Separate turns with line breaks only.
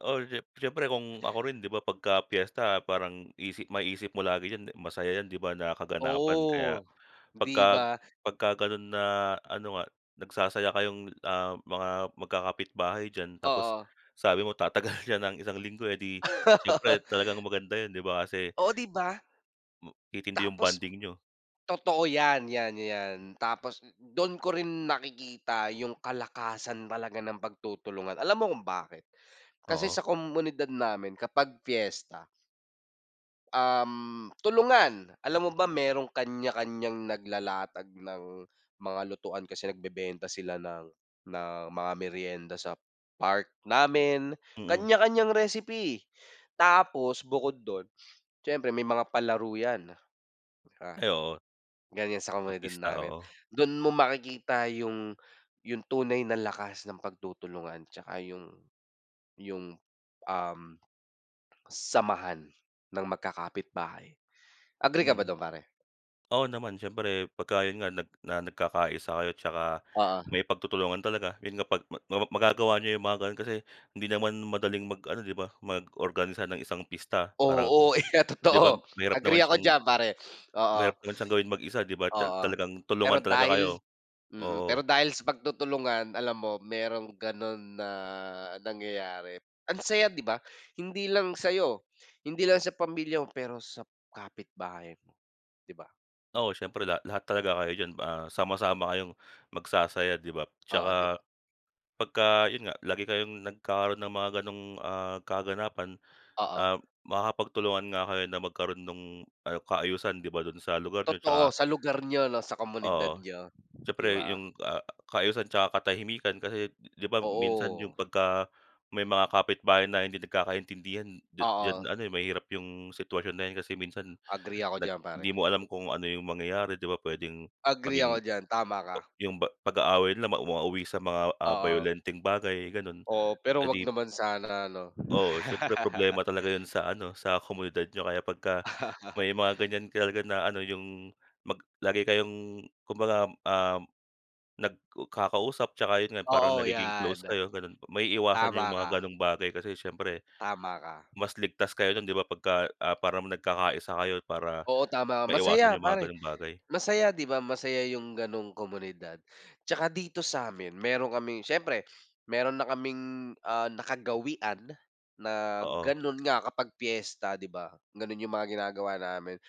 Ol jep siyempre, kung ako rin di ba? Pagka piyesta parang isip ma-isip mo lagi yan, masaya yan, di ba, na kaganapan. Kaya,
Oo. Di
pagka
ba?
pagka ganon na, ano nga nagsasaya kayong, ah, mga magkakapitbahay diyan. Tapos
Oo.
sabi mo tatagal siya ng isang linggo, eh, di syempre talagang maganda yun, di ba? Kasi
Oh, di ba?
hmm, titindi yung
Tapos
bonding niyo.
totoo yan, yan, yan, tapos dun ko rin nakikita yung kalakasan talaga ng pagtutulungan. Alam mo kung bakit? Kasi
Oo.
sa komunidad namin kapag fiesta um, tulungan. Alam mo ba merong kanya-kanyang naglalatag ng mga lutuan kasi nagbebenta sila ng ng mga merienda sa park namin.
Mm.
Kanya-kanyang recipe, tapos bukod dun siyempre may mga palaro yan. Tsaka
Ay, oo.
ganyan sa
Tu
komunidad
pista,
namin.
oo.
Dun mo makikita yung yung tunay na lakas ng pagtutulungan tsaka yung yung, um, samahan ng magkakapitbahay. Agree ka ba
Mm.
dun pare?
Oo, naman siyempre pagka yun nga nag na nagkakaisa kayo tsaka
Oo.
may pagtutulungan talaga. Yun nga pag ma mapap magagawa niyo yung mga ganon kasi hindi naman madaling mag ano, di ba? Mag-organisa ng isang pista. Parang,
Oo, iyan
di ba,
totoo.
mahirap
Agree
naman
ako
siyang
diyan pare, oo.
mahirap naman siyang gawin mag-isa, di ba? Tsa
Oo.
talagang
Pero
tulungan talaga
dahil
kayo.
mm, pero
Oo.
dahil sa pagtutulungan, alam mo merong ganon na nangyayari. Ang saya, di ba? Hindi lang sayo, hindi lang sa pamilya mo, pero sa kapitbahay mo. Di ba?
Oo, syempre lahat, lahat talaga kayo diyan, ah, sama-sama kayong magsasaya, di ba?
Oo, di
Tsaka,
ba?
pagka yun nga, lagi kayong nagkaroon ng mga ganong, ah, kaganapan,
Oo.
um, makakapagtulungan nga kayo na magkaroon nung ayu kaayusan, di ba, dun sa lugar niyo
Totoo
tsaka
sa lugar niyo, no? Sa komunidad
Oo.
niyo, di
Siyempre
ba?
yung, ah, kaayusan tsaka katahimikan, kasi di ba? Minsan yung
Oo.
pagka, may mga kapitbahay na hindi nagkakaintindihan, d
Oo.
diyan ano, eh, mahirap, yung sitwasyon na yan kasi minsan
Agree ako
nag
diyan pare.
di mo alam kung ano yung mangyayari, di ba? Pwedeng
Agree
maging
ako diyan, tama
p
ka.
yung ba pag-aaway nila mauwa mauwi sa mga, ah,
Oo.
bayolenteng bagay, ganon.
Oo, pero huwag
Edi p
naman sana, 'no?
Oo, siyempre problema talaga yan sa ano. Sa komunidad niyo kaya pagka may mga ganyan talaga na ano? Yung mag lagi kayong kumbagam, um, nagkakausap tsaka yun nga parang
Oo,
nagiging
yan.
close kayo ganun po. Maiiwasan
Tama
yung
ka.
mga ganong bagay. Kasi syempre,
Tama ka.
mas ligtas kayo nun, di ba? Pagka, ah, parang nagkakaisa kayo. Para
Oo, tama.
maiwasan
Masaya
yung mga
pare,
ganong bagay.
masaya di ba? Masaya yung ganong komunidad. Tsaka dito samin meron kaming siyempre meron na kaming, ah, nakagawian na
Oo.
ganon nga kapag piyesta, di ba? Ganun yung mga ginagawa namin.